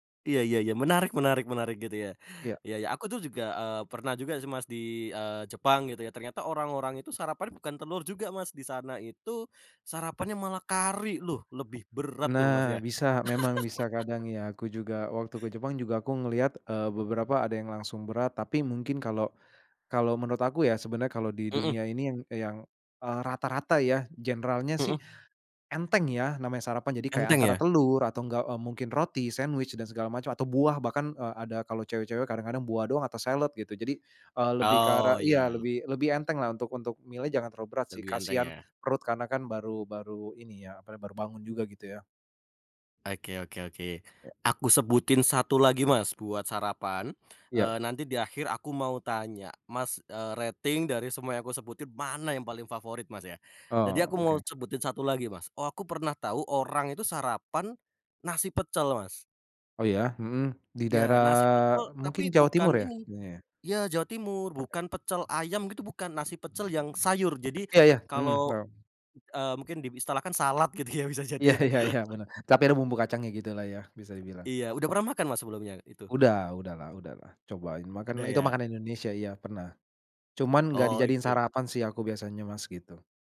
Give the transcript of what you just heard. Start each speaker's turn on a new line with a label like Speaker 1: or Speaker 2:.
Speaker 1: Iya ya ya, menarik menarik menarik gitu ya.
Speaker 2: Iya.
Speaker 1: Ya ya aku tuh juga, eee, pernah juga sih, Mas, di, eee, Jepang gitu ya ternyata orang-orang itu sarapan bukan telur juga, Mas. Disana itu, sarapannya malah kari loh lebih berat tuh, Mas,
Speaker 2: Nah
Speaker 1: ya.
Speaker 2: bisa. Memang bisa kadang ya aku juga waktu ke Jepang juga aku ngelihat, eee, beberapa ada yang langsung berat tapi mungkin kalau kalau menurut aku ya, sebenarnya kalau di
Speaker 1: Mhm.
Speaker 2: dunia ini yang yang, eee, rata-rata ya generalnya sih,
Speaker 1: Mhm.
Speaker 2: enteng ya namanya sarapan jadi kayak
Speaker 1: Enteng
Speaker 2: antara
Speaker 1: ya?
Speaker 2: telur atau enggak, eee, mungkin roti, sandwich dan segala macam atau buah bahkan, eee, ada kalau cewek-cewek kadang kadang buah doang atau salad gitu jadi, eee, lebih ke arah
Speaker 1: Oh,
Speaker 2: iya
Speaker 1: ya.
Speaker 2: lebih lebih enteng lah untuk untuk milih jangan terlalu berat sih
Speaker 1: Lebih enteng
Speaker 2: kasihan,
Speaker 1: ya.
Speaker 2: perut karena kan baru baru ini ya apa, baru bangun juga gitu ya.
Speaker 1: Oke oke oke,
Speaker 2: Ya.
Speaker 1: aku sebutin satu lagi, Mas, buat sarapan, eee,
Speaker 2: Iya.
Speaker 1: nanti di akhir aku mau tanya, Mas, eee, rating dari semua yang aku sebutin mana yang paling favorit, Mas, ya.
Speaker 2: Ah,
Speaker 1: Jadi aku mau
Speaker 2: oke.
Speaker 1: sebutin satu lagi, Mas, oh aku pernah tahu orang itu sarapan, nasi pecel, Mas.
Speaker 2: Oh ya, mhm, di
Speaker 1: Ya
Speaker 2: daerah
Speaker 1: nasi pecel
Speaker 2: mungkin
Speaker 1: tapi
Speaker 2: Jawa
Speaker 1: bukan
Speaker 2: Timur ya,
Speaker 1: ini
Speaker 2: itunya ya?
Speaker 1: ya Jawa Timur bukan pecel ayam gitu bukan nasi pecel yang sayur jadi,
Speaker 2: Ya ya, mhm,
Speaker 1: kalau,
Speaker 2: paham.
Speaker 1: eee mungkin diistilahkan salad gitu ya bisa jadi
Speaker 2: Iya
Speaker 1: ya.
Speaker 2: ya ya, bener. Tapi ada bumbu kacangnya gitu lah ya bisa dibilang,
Speaker 1: Iya udah
Speaker 2: ya.
Speaker 1: pernah makan, Mas, sebelumnya itu?
Speaker 2: Udah udah lah udah lah. Cobain makan
Speaker 1: Udah
Speaker 2: itu
Speaker 1: ya.
Speaker 2: makanan Indonesia, iya pernah. Cuman gak
Speaker 1: Oh
Speaker 2: dijadiin
Speaker 1: oke.
Speaker 2: sarapan sih aku biasanya Mas gitu.